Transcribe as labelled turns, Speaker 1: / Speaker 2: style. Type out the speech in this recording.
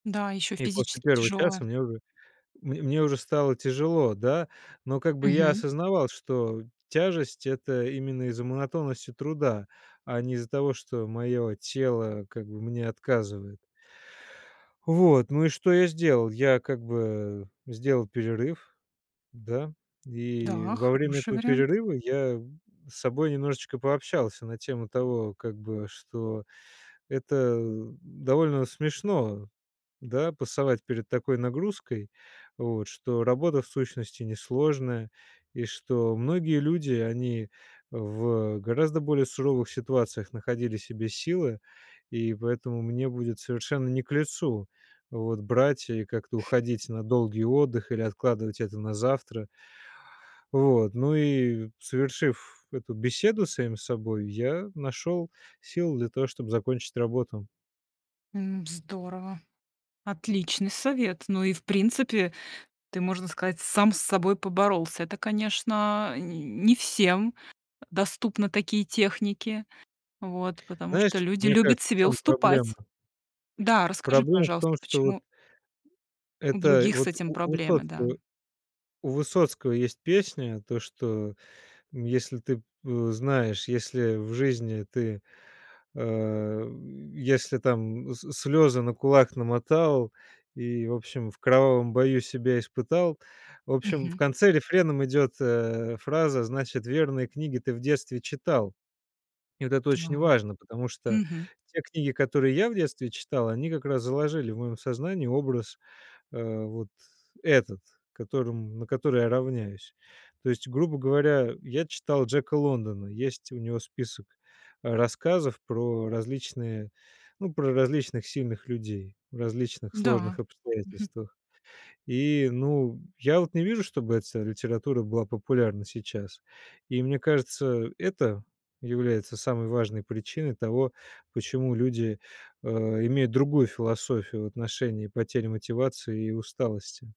Speaker 1: Да, ещё
Speaker 2: И после
Speaker 1: физически
Speaker 2: 1
Speaker 1: тяжёлая.
Speaker 2: часа мне уже, мне мне уже стало тяжело, да? Но, как бы, я
Speaker 1: Мгм.
Speaker 2: осознавал, что тяжесть- это именно из-за монотонности труда, а не из-за того, что моё тело, как бы, мне отказывает. Вот, ну и что я сделал? Я, как бы, сделал перерыв, да, и
Speaker 1: Да,
Speaker 2: во время
Speaker 1: хороший
Speaker 2: этого
Speaker 1: вариант.
Speaker 2: перерыва я с собой немножечко пообщался на тему того как бы, что это довольно смешно, да, пасовать перед такой нагрузкой, вот, что работа, в сущности, несложная, и что многие люди, они в гораздо более суровых ситуациях находили в себе силы. И поэтому мне будет совершенно не к лицу, вот, брать и как-то уходить на долгий отдых или откладывать это на завтра. Вот, ну и, совершив эту беседу с самим собой, я нашёл силы для того чтоб закончить работу.
Speaker 1: М, здорово, отличный совет. Ну и, в принципе, ты, можно сказать, сам с собой поборолся. Это, конечно, не не всем, э, доступны такие техники. Вот, потому что
Speaker 2: Знаешь,
Speaker 1: люди
Speaker 2: мне
Speaker 1: любят
Speaker 2: кажется, в
Speaker 1: себе
Speaker 2: чём проблемно?
Speaker 1: уступать. Да, расскажи,
Speaker 2: Проблема в
Speaker 1: пожалуйста,
Speaker 2: том, что вот
Speaker 1: почему у
Speaker 2: Это
Speaker 1: других с
Speaker 2: вот
Speaker 1: этим
Speaker 2: у у
Speaker 1: проблемы, да?
Speaker 2: Высоцкого у Высоцкого есть песня, то что, м, если ты п э, знаешь, если в жизни ты, а, если там с слёзы на кулак намотал и, в общем, в кровавом бою себя испытал. В общем, в
Speaker 1: Мгм.
Speaker 2: конце рефреном идёт, э, фраза "значит верные книги ты в детстве читал". И вот это очень
Speaker 1: Так.
Speaker 2: важно, потому что
Speaker 1: Мгм.
Speaker 2: те книги, которые я в детстве читал, они как раз заложили в моём сознании образ, а, вот этот, которым на который я равняюсь. То есть, грубо говоря, я читал Джека Лондона. Есть у него список, а, рассказов про различные, ну, про различных сильных людей в различных сложных
Speaker 1: Да. Мгм.
Speaker 2: обстоятельствах. И, ну, я вот не вижу, чтобы эта вся литература была популярна сейчас. И, мне кажется, это является самой важной причиной того, почему люди, а, имеют другую философию в отношении потери мотивации и усталости.